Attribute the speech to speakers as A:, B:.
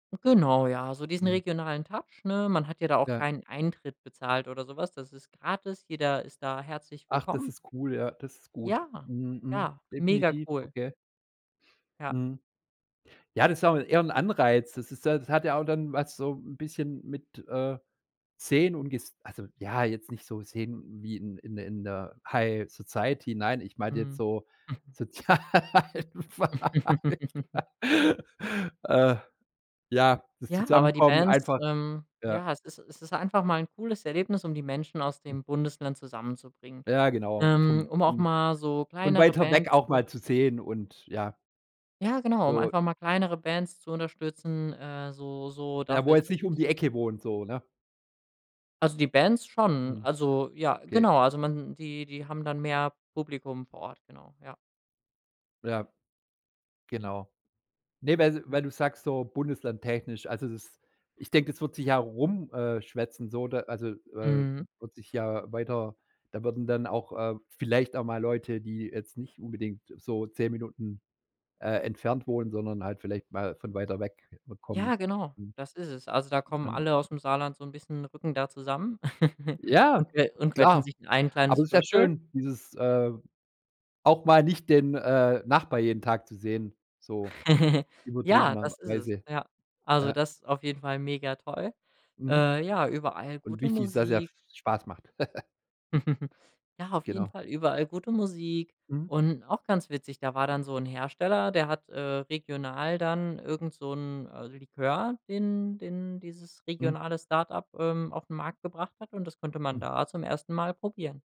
A: Genau, ja, also diesen
B: Mhm.
A: regionalen Touch, ne? Man hat ja da auch
B: Ja.
A: keinen Eintritt bezahlt oder so was. Das ist gratis. Jeder ist da herzlich
B: Ach, das
A: willkommen.
B: ist cool, ja, das ist gut.
A: Ja,
B: Mhm, mhm.
A: ja, mega
B: Definitiv,
A: cool.
B: okay.
A: Ja.
B: Mhm. Ja, das ist auch eher 'n Anreiz. Das ist ja das hat ja auch dann was so 'n bisschen mit, äh, sehen und ges also, ja, jetzt nicht so sehen wie in in der in der High Society, nein, ich meinte jetzt
A: Mhm.
B: so Sozialwahl äh, ja, das
A: Ja, aber die
B: Zusammenkommen
A: Bands
B: einfach,
A: ähm,
B: ja.
A: ja, es ist es ist einfach mal 'n cooles Erlebnis, um die Menschen aus
B: Hm.
A: dem Bundesland zusammenzubringen,
B: Ja, genau,
A: ähm,
B: von
A: um auch
B: von
A: mal so
B: von
A: kleinere
B: weiter weg
A: Bands
B: auch
A: zu
B: mal zu
A: unterstützen
B: sehen und ja.
A: Ja, genau, um
B: So
A: einfach mal kleinere Bands zu unterstützen, äh, so so,
B: der,
A: dafür
B: wo
A: ist
B: jetzt
A: das
B: nicht um
A: echt
B: die
A: gut.
B: Ecke wohnt, so, ne?
A: Also die Bands schon,
B: Hm,
A: also ja,
B: okay.
A: genau, also man die die haben dann mehr Publikum vor Ort, genau, ja.
B: Ja. Genau. Ne, weil weil
A: Mhm.
B: du sagst so bundeslandtechnisch, also das ich denke, das wird sich ja rum äh, schwätzen so, da also, äh,
A: Mhm.
B: wird sich ja weiter da würden dann auch, äh, vielleicht auch mal Leute, die jetzt nicht unbedingt so 10 Minuten, äh, entfernt wohnen, sondern halt vielleicht mal von weiter weg kommen,
A: Ja, genau,
B: mhm.
A: das ist es. Also da kommen
B: Dann
A: alle aus'm Saarland so 'n bisschen rücken da zusammen und
B: Ja,
A: que und quetschen
B: klar,
A: sich in ein
B: aber
A: kleines
B: das ist ja
A: Viertel.
B: schön, dieses, äh, auch mal nicht den, äh, Nachbarn jeden Tag zu sehen, so
A: Ja, das ist es.
B: übertriebenerweise.
A: Ja, also
B: Ja.
A: das ist auf jeden Fall mega toll,
B: Mhm.
A: äh, ja, überall
B: Und
A: gute
B: wichtig ist, dass es ja
A: Musik
B: Spaß macht.
A: Ja, auf jeden
B: Genau.
A: Fall überall gute Musik
B: Mhm.
A: und auch ganz witzig, da war dann so 'n Hersteller, der hat, äh, regional dann irgend so 'n, äh, Likör, den den dieses
B: Mhm.
A: regionale Start-up, ähm, auf'n Markt gebracht hat und das konnte man
B: Hm.
A: da zum 1. Mal probieren.